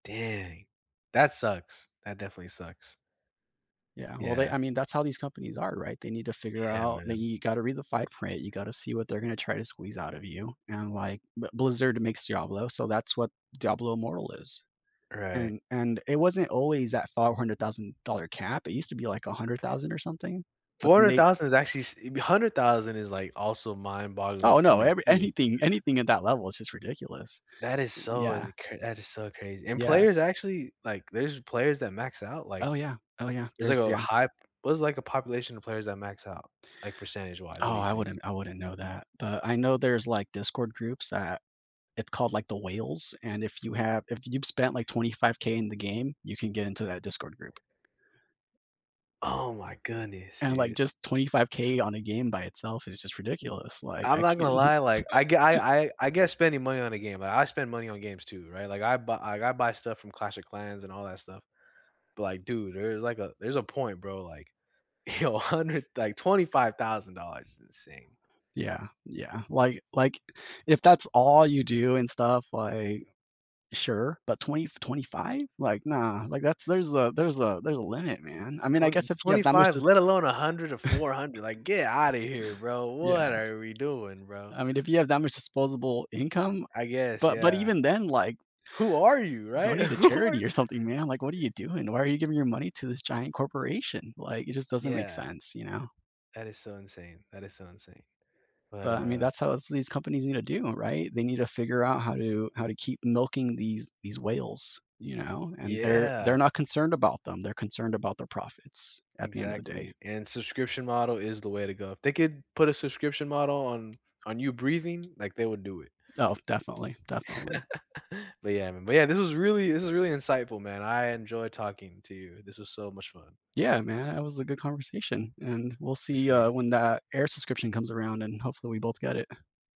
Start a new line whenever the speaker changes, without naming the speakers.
Dang. That sucks. That definitely sucks.
Yeah, well, they
Yeah.
I mean, that's how these companies are, right? They need to figure
Yeah,
out that
man.
You gotta read the fine print. You gotta see what they're gonna try to squeeze out of you, and, like, B Blizzard to makes Diablo, so that's what Diablo Immortal is,
Right.
and and it wasn't always that $500,000 cap, it used to be like $100,000 or something. But
four
then
hundred
they
thousand is actually s uh, be $100,000 is, like, also mind-boggling
Oh,
for
no,
me
every
too.
anything- anything at that level is just ridiculous.
That is so
Yeah.
in cra that is so crazy, and
Yeah.
players actually Like, there's players that max out, like,
Oh, yeah. Oh, yeah.
there's, like,
There's
a
Yeah.
high p What is, like, the population of players that max out, like, percentage wise? What
Oh,
do you
I
think?
wouldn't I wouldn't know that, but I know there's, like, Discord groups that it called, like, The Whales, and if you have if you've spent, like, $25,000 in the game, you can get into that Discord group.
Oh my goodness,
And, like,
dude.
just $25,000 on a game by itself is just
M
ridiculous. Like,
I'm
I
not gonna
can't
lie, like, I g I I I get spending money on a game, I I spend money on games too, right? Like, I bu like, I buy stuff from Clash of Clans and all that stuff. But, like, dude, there's like a there's a point, bro, like, you know, a hundred like, $25,000 is insane.
Yeah, yeah. Like like, if that's all you do and stuff, like, sure, but twenty-f $25,000? Like, nah, like, that's there's a there's a there's a limit, man. I mean, I
Twen
guess if you have that much
25,
just
let alone 100 or 400, like, get out of here, bro. What
Yeah.
are we doing, bro?
I mean, if you have that much disposable income, uh
I guess.
but but
Yeah.
even then, like
Who are you? Right?
donate to
Who are
charity or something, man, like, what are you doing? Why are you giving your money to this giant corporation? Like, it just doesn't make
Yeah.
sense, you know?
That is so insane. That is so insane. But,
But, I mean,
uh
that's how s these companies need to do 'em, right? They need to figure out how to how to keep milking these these whales, you know, and they're
Yeah.
they're not concerned about them, they're concerned about their profits at the end of the day.
Exactly, and subscription model is the way to go. If they could put a subscription model on on you breathing, like, they would do it.
Oh, definitely. Definitely.
But, yeah, man. But, yeah, this was really this was really insightful, man. I enjoyed talking to you. This was so much fun.
Yeah, man. That was a good conversation, and we'll
For
see, uh,
sure.
when that air subscription comes around, and hopefully we both get it.